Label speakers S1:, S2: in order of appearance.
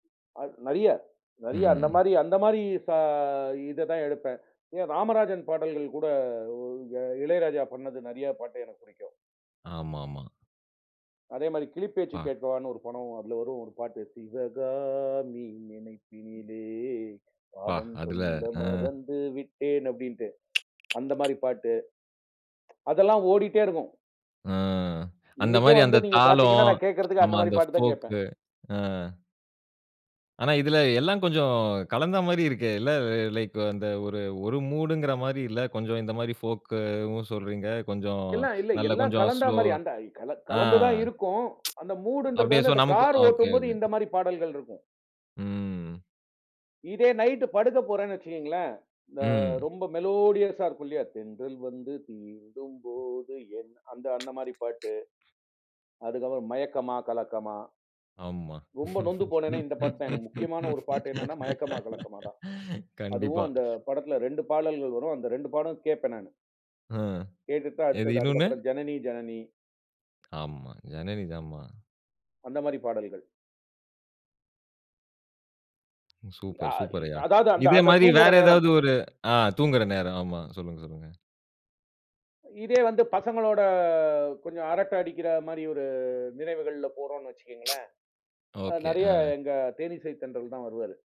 S1: அ நெறைய நெறைய அந்த
S2: ம்.
S1: மாரி அந்த மாரி ச இததான் எடுப்பேன். எ ராமராஜன் பாடல்கள் கூட இளையராஜா பண்ணது நெறையா பாட்டு எனக்கு பிடிக்கும்.
S2: ஆமாமா.
S1: அதே மாரி கிளிப்பேச்சு
S2: பா.
S1: கேட்கவான்னு ஒரு படம். அதுல வரும் ஒரு பாட்டு, "சிவகாமி நினைப்பினிலே
S2: பா!
S1: பாடம்
S2: அதுல
S1: சொல்ல
S2: ஆ.
S1: மறந்து விட்டேன்" அப்படின்னுட்டு. அந்த மாரி பாட்டு. அதெல்லாம் ஓடிட்டே இருக்கும்.
S2: அ, அந்த
S1: இன்னைக்கே
S2: மாரி அந்த
S1: வந்து நீங்க பாத்தீங்கன்னா,
S2: தாளம்,
S1: நான் கேட்கறதுக்கு
S2: நம்ம
S1: அந்த மாரி
S2: அந்த
S1: பாட்டு தான் கேப்பேன்.
S2: ஃபோக்கு அ. ஆனா, இதுல எல்லாம் கொஞ்சம் கலந்த மாரி இருக்கே. இல்ல லைக் அந்த ஒரு ஒரு மூடுங்கிற மாரி இல்ல. கொஞ்சம் இந்த மாரி ஃபோக்கவும் சொல்றீங்க. கொஞ்சம்
S1: எல்லாம் இல்ல
S2: நல்ல
S1: எல்லாம்
S2: கொஞ்சம்
S1: கலந்தா
S2: ஸ்லோ,
S1: மாரி அந்த கல
S2: ஆ
S1: கலந்து தான் இருக்கும். அந்த மூடுன்றது
S2: அப்டியே சோ
S1: வந்து அந்த
S2: நமக்கும்
S1: கார்
S2: ஒகே
S1: ஓட்டும்போது
S2: ஒகே.
S1: இந்த மாரி பாடல்கள் இருக்கும்.
S2: ம்.
S1: இதே நைட் படுக்கப் போறேன்னு வச்சுக்கோங்களேன், ம
S2: ம்.
S1: ரொம்ப மெலோடியஸ்ஸா இருக்கும் இல்லியா, தென்றல் வந்து தீண்டும் போது என், அந்த அந்த மாரி பாட்டு. அதுக்கு அப்புறம், மயக்கமா கலக்கமா.
S2: ஆம்மா.
S1: ரொம்ப நொந்து போனேனா, இந்த பாட்டு தான் எனக்கு. முக்கியமான ஒரு பாட்டு என்னென்னா, மயக்கமா கலக்கமா தான். அதுவும்
S2: கண்டிப்பா.
S1: அந்த படத்துல 2 பாடல்கள் வரும். அந்த 2 பாடல் கேப்பேன் நானு.
S2: அ.
S1: கேட்டுட்டு,
S2: எது?
S1: அடுத்தது அதுக்கு
S2: இன்னொன்னு.
S1: அப்பறம் ஜனனி ஜனனி.
S2: ஆம்மா. ஜனனி தாம்மா.
S1: அந்த மாரி பாடல்கள். அ
S2: சூப்பர்
S1: இ
S2: சூப்பர் ஐயா!
S1: அதாவது அந்த
S2: இதே
S1: அந்த
S2: மாரி
S1: தூங்குற
S2: வேற
S1: நேரம்.
S2: ஏதாவது ஒரு ஆ தூங்குற நேரம். ஆமா, சொல்லுங்க சொல்லுங்க.
S1: இதே வந்து பசங்களோட கொஞ்சம் அரட்ட அடிக்கிற மாரி ஒரு நினைவுகள்ல போறோனு வச்சுக்கோங்களேன், அ
S2: ஓகே,
S1: நெறைய
S2: ஆ.
S1: எங்க தேனீசைத்தென்றல் தான் வருவாரு.